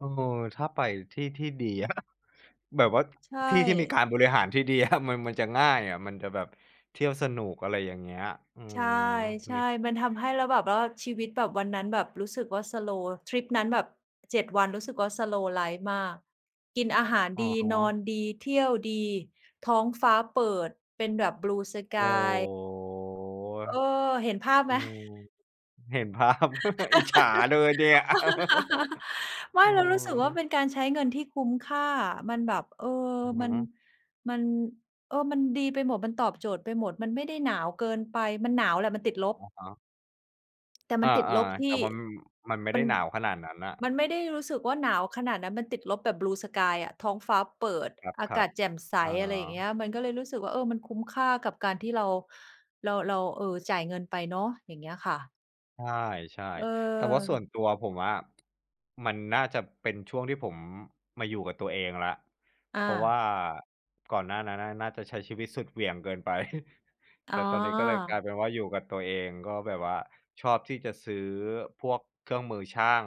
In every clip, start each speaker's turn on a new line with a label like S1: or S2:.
S1: เออ ถ้าไปที่ที่ดีอะ แบบว่า
S2: ใช
S1: ที่ที่มีก
S2: ่
S1: ารบริหารที่ดี อะ มัน มันจะง่ายอะ มันจะแบบเที่ยวสนุก อะไรอย่างเงี้ย อื
S2: ใช
S1: ม มี
S2: ่ ๆ มันทำให้ แล้วแบบว่าชีวิตแบบวันนั้นแบบรู้สึกว่า สโลว์ ทริปนั้นแบบ 7 วัน รู้สึกว่า สโลว์ไลฟ์มาก กินอาหาร
S1: อ
S2: ด
S1: ะ
S2: ี
S1: ฮ
S2: นอ
S1: ะ
S2: นดี เที่ยวดี ท้องฟ้าเปิดเป็
S1: โอ้
S2: นแบบ Blue sky เออ เห็นภาพ
S1: โฮ อื
S2: ไหม?
S1: ม เห็นภาพ อิจฉาเลยเนี่ย
S2: ไม
S1: อ
S2: ่
S1: ื
S2: เรารู้สึกว่า เ
S1: ม
S2: ป็นการใช้เงินที่คุ้มค่าอะ มันแบบ เออ
S1: อือฮ
S2: มัน
S1: ึ
S2: มัน เออ มันดีไปหมด มันตอบโจทย์ไปหมด มันไม่ได้หนาวเกินไป มันหนาวแหละมันติดลบ
S1: อะฮะ
S2: แต่
S1: เ
S2: ม
S1: อ
S2: ั
S1: อ
S2: นติดลบท
S1: ๆ แต
S2: ี
S1: ่
S2: ่
S1: มัน มันไม่
S2: ม
S1: ได
S2: ั
S1: ้
S2: น
S1: หนาวขนาดนั้นน่ะ
S2: มันไม่ได้รู้สึกว่าหนาวขนาดนั้น มันติดลบแบบ Blue sky อะ ท้องฟ้าเปิด
S1: ค
S2: อา
S1: ร
S2: ก
S1: ั
S2: า
S1: บ
S2: ศแจ่มใส
S1: ๆ อา
S2: อะไรอย่างเงี้ย มันก็เลยรู้สึกว่า เออ มันคุ้มค่ากับการที่เรา เรา เรา เออ จ่ายเงินไปเนาะ อย่างเงี้ยค่ะ
S1: ใช่
S2: เ
S1: ๆ แต่ว่าส่ว
S2: ออ
S1: นตัวผมอะ มันน่าจะเป็นช่วงที่ผมมาอยู่กับตัวเองแล้ว เ
S2: อ
S1: พราะว่
S2: า
S1: าก่อนหน้านั้นน่ะ น่าจะใช้ชีวิตสุดเหวี่ยงเกินไป
S2: อ
S1: แ
S2: ๋
S1: ต่
S2: อ
S1: ตอนนี้ก็เลยกลายเป็นว่า อยู่กับตัวเอง ก็แบบว่า ชอบที่จะซื้อพวกเครื่องมือช่าง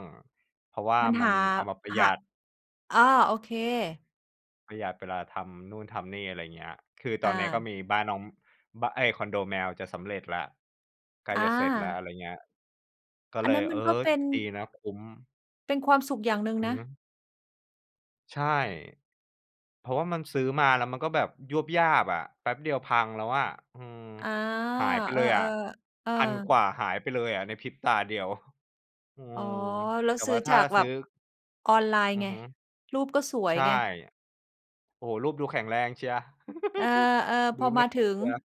S1: เพราะว่า
S2: มัน
S1: มั
S2: ห
S1: น
S2: า
S1: เอามาประ
S2: ห
S1: หยั
S2: ะ
S1: ด
S2: อา โอเค
S1: ประหยัดเวลาทำนู่นทำนี่ อะไรอย่างเงี้ย คือ
S2: อ
S1: ตอนนี้ก็
S2: า
S1: มีบ้านน้อง บ้า เอ๊ย คอนโดแมวจะสำเร็จแล้ว ใกล้
S2: อ
S1: จะเสร็จแล้ว อะ
S2: า
S1: ไรอย่างเงี้ย ก็
S2: อั
S1: เล
S2: นนั้
S1: ย
S2: น
S1: เ
S2: ม
S1: อ
S2: ั
S1: อ
S2: นก็เป็น
S1: ดีนะ คุ้ม
S2: เป็นความสุขอย่างหนึ่ง
S1: อือ
S2: นะ
S1: ฮึ ใช่ เพราะว่ามันซื้อมา แล้วมันก็แบบยวบยาบอะ แป๊บเดียวพังแล้วอะ อืม
S2: อา
S1: หายไป
S2: เอ
S1: เล
S2: อ
S1: ยอะ
S2: ๆ เออ
S1: 1,000 กว่าหายไปเลยอะ ในพริบตาเดียว อื
S2: อ๋อ
S1: ม
S2: แล้
S1: แ
S2: ว
S1: ต่
S2: ซื
S1: ว
S2: ้
S1: ่
S2: อ
S1: าถ
S2: จ
S1: ้า
S2: ากแ
S1: ซ
S2: บ
S1: ื้
S2: บ
S1: อ
S2: ออนไลน
S1: อ
S2: ์
S1: ือ
S2: ไง
S1: ฮึ
S2: รูปก็สว
S1: ใ
S2: ย
S1: ช่
S2: ไง
S1: โอ้โฮ รูปดูแข็งแรงเชียว
S2: เออ ๆ
S1: ด
S2: พ
S1: ู
S2: อ
S1: น
S2: ม
S1: ่
S2: า
S1: า
S2: ถึ
S1: เ
S2: ง
S1: ชียว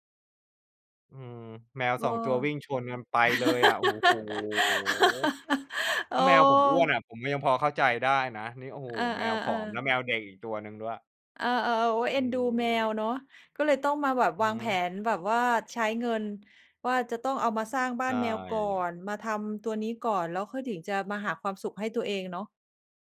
S1: อืม แมว
S2: เอ
S1: ส
S2: อ
S1: อง ตัววิ่งชนกันไปเลยอะ โอ้โฮ
S2: เ
S1: ถ
S2: ออ
S1: ้าแมวผมอ้วนอะ ผมก็ยังพอเข้าใจได้นะ นี่ โอ้โฮ
S2: เออ
S1: แมวผอม แล้
S2: ๆ
S1: ว
S2: ๆ
S1: แมวเด็กอีกตัวหนึ่งด้วย
S2: เออ ๆ โอ๊ย เอ
S1: อ
S2: ็
S1: ื
S2: นดูแม
S1: อ
S2: วเนาะ ก็เลยต้องมาแบบ
S1: อือ
S2: วา
S1: ฮ
S2: งแผ
S1: ึ
S2: นแบบว่าใช้เงินว่า จะต้องเอามาสร้างบ้
S1: ใ
S2: า
S1: ช
S2: นแมวก่อ
S1: ่
S2: น มาทำตัวนี้ก่อน แล้วค่อยถึงจะมาหาความสุขให้ตัวเองเนาะ